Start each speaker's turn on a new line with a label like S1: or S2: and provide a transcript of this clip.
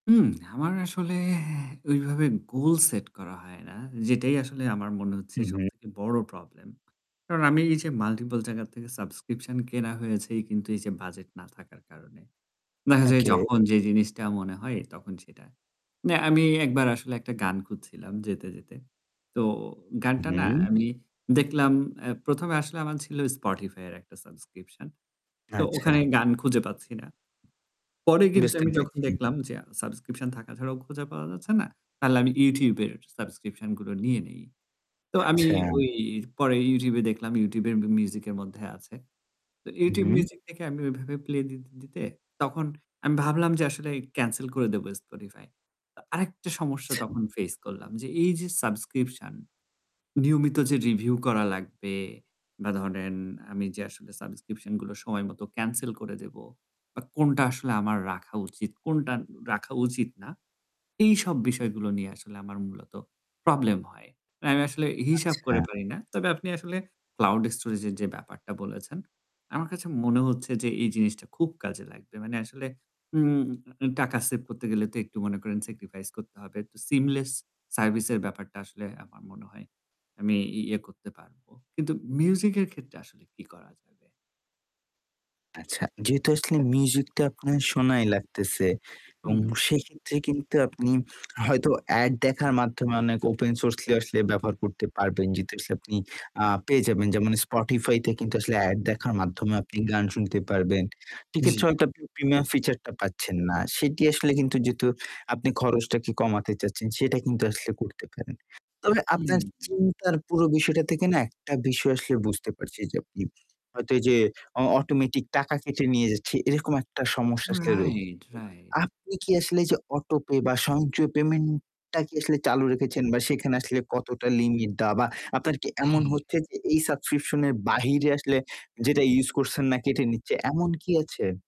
S1: হুম। আমার আসলে ওইভাবে গোল সেট করা হয় না। যেটাই আসলে আমার মনে হচ্ছে
S2: হু, হু।
S1: সবথেকে বড় প্রবলেম। কারণ আমি এই যে মাল্টিপল জায়গার থেকে সাবস্ক্রিপশন কেনা হয়েছে কিন্তু এই যে বাজেট না থাকার কারণে। দেখা যায়
S2: ওকে।
S1: যখন যে জিনিসটা মনে হয় তখন সেটা। না আমি একবার আসলে একটা গান খুঁজছিলাম যেতে, যেতে। তো
S2: উ,
S1: গানটা না
S2: হু।
S1: আমি দেখলাম এ্যা ১ম এ আসলে আমার ছিল Spotify এর একটা সাবস্ক্রিপশন। তো
S2: আচ্ছা।
S1: ওখানে গান খুঁজে পাচ্ছি না। পরে কিন্তু
S2: বুঝতে
S1: আমি যখন
S2: পেরেছি।
S1: দেখলাম যে আ সাবস্ক্রিপশন থাকা ছাড়াও খোঁজা পাওয়া যাচ্ছে না, তাহলে আমি YouTube এর সাবস্ক্রিপশন গুলো নিয়ে নেই। তো আমি
S2: আচ্ছা।
S1: ওই পরে YouTube এ দেখলাম YouTube এর মি মিউজিক এর মধ্যে আছে। তো YouTube
S2: উহু।
S1: Music থেকে আমি ওইভাবে প্লে দিতে, দিতে তখন আমি ভাবলাম যে আসলে ক্যানসেল করে দেব Spotify। তো আরেকটা সমস্যা
S2: আচ্ছা।
S1: তখন ফেস করলাম যে এই যে সাবস্ক্রিপশন নিয়মিত যে রিভিউ করা লাগবে বা ধরেন আমি যে আসলে সাবস্ক্রিপশন গুলো সময় মতো ক্যানসেল করে দেব বা কোনটা আসলে আমার রাখা উচিত, কোনটা রাখা উচিত না এইসব বিষয়গুলো নিয়ে আসলে আমার মূলত প্রবলেম হয়। না আমি আসলে হি হিসাব
S2: আচ্ছা।
S1: করে পারি না। তবে আপনি আসলে ক্লাউড স্টোরেজ এর যে ব্যাপারটা বলেছেন। আমার কাছে মনে হচ্ছে যে এই জিনিসটা খুব কাজে লাগবে। মানে আসলে উম টাকা সেভ করতে গেলে তো একটু মনে করেন সেক্রিফাইস করতে হবে। তো সিমলেস সার্ভিস এর ব্যাপারটা আসলে আমার মনে হয় আমি ই ইয়ে করতে পারব। কিন্তু মিউজিক এর ক্ষেত্রে আসলে কি করা যাবে?
S2: আচ্ছা। যেহেতু আসলে মিউজিক টা আপনার শোনাই লাগতেছে এবং
S1: হুম।
S2: সেক্ষেত্রে কিন্তু আপনি হয়তো এড দেখার মাধ্যমে অনেক ওপেন সোর্স গুলি আসলে ব্যবহার করতে পারবেন। যেহেতু আসলে আপনি আ পেয়ে যাবেন যেমন Spotify তে কিন্তু আসলে এড দেখার মাধ্যমে আপনি গান শুনতে পারবেন।
S1: জ্বী।
S2: সেক্ষেত্রে হয়তো আপনি প্রিমিয়াম ফিচার টা পাচ্ছেন না। সেটি আসলে কিন্তু যেহেতু আপনি খরচটাকে কমাতে চাচ্ছেন। সেটা কিন্তু আসলে করতে পারেন। তবে
S1: হুম,
S2: আপনার
S1: হুম।
S2: চিন্তার পুরো বিষয়টা থেকে না একটা বিষয় আসলে বুঝতে পারছি যে, আপনি হয়তো এইযে অ অটোমেটিক টাকা কেটে নিয়ে যাচ্ছে এরকম একটা সমস্যা আসলে রয়েছে।
S1: রাইট,
S2: তো
S1: রাইট।
S2: আপনি কি আসলে যে অটো-পে বা সঞ্চয় পেমেন্ট টা কি আসলে চালু রেখেছেন বা সেখানে আসলে কতটা লিমিট দেওয়া বা আপনার কি এমন
S1: হ্যাঁ।
S2: হচ্ছে যে এই সাবস্ক্রিপশন এর বাহিরে আসলে যেটা ইউস করছেন না কেটে নিচ্ছে এমন কি আছে?